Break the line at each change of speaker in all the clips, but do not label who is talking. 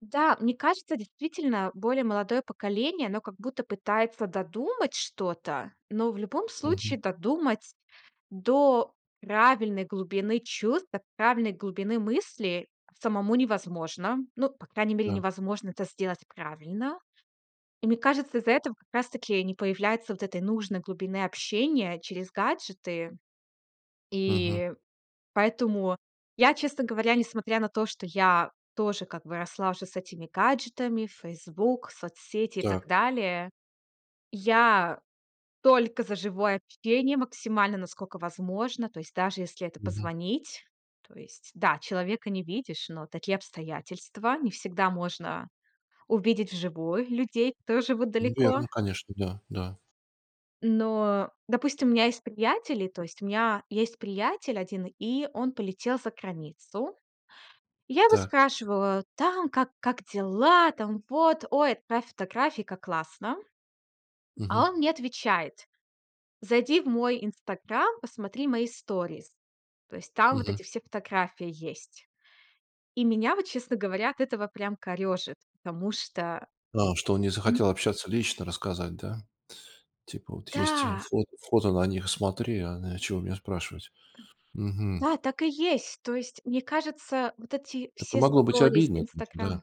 Да, мне кажется, действительно более молодое поколение, оно как будто пытается додумать что-то. Но в любом
Мгм.
случае додумать до правильной глубины чувств, до правильной глубины мысли самому невозможно. Ну, по крайней мере,
Да.
невозможно это сделать правильно. И мне кажется, из-за этого как раз таки не появляется вот этой нужной глубины общения через гаджеты.
Мгм.
И поэтому я, честно говоря, несмотря на то, что я тоже как бы росла уже с этими гаджетами в "Фейсбук", соцсети и так
Так.
далее, я только за живое общение максимально, насколько возможно. То есть, даже если это
Мгм.
позвонить. То есть, да, человека не видишь, но такие обстоятельства не всегда можно увидеть вживую людей тоже, вот далеко.
Верно, конечно, да, да.
Но, допустим, у меня есть приятели, то есть, у меня есть приятель один, и он полетел за границу. Я его
Так.
спрашивала, там, как как дела, там, вот: ой, отправь фотографии, как классно. А
Мгм.
он мне отвечает: "Зайди в мой Инстаграм, посмотри мои сторис". То есть там вот
Мгм.
эти все фотографии есть. И меня, вот честно говоря, от этого прям корёжит, потому что,
А что он не
м
захотел общаться, лично рассказать, да? Типа, вот есть, а,
Да.
фото фото на них смотри, а, да чего меня спрашивать? Мгм.
Да, так и есть. То есть, мне кажется, вот эти
Это
все
могло быть
сторис
обидно на этом же да.
"Инстаграм"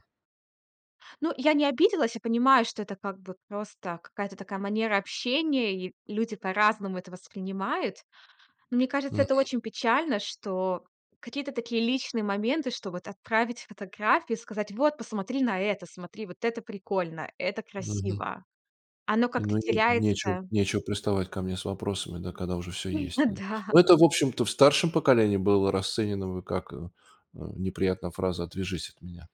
Ну, я не обиделась. Я понимаю, что это как бы просто какая-то такая манера общения, и люди по-разному это воспринимают. Мне кажется, это
Мгм.
очень печально, что какие-то такие личные моменты, что вот отправить фотографию, сказать: вот посмотри на это, смотри, вот это прикольно, это
Мгм.
красиво. Оно
И
как-то
ну и не нечего
теряется.
нечего приставать ко мне с вопросами, да когда уже всё
М, ну
есть, да.
да.
Ну это, в общем-то, в старшем поколении было расценено бы как, эм, неприятная фраза- отвяжись от меня.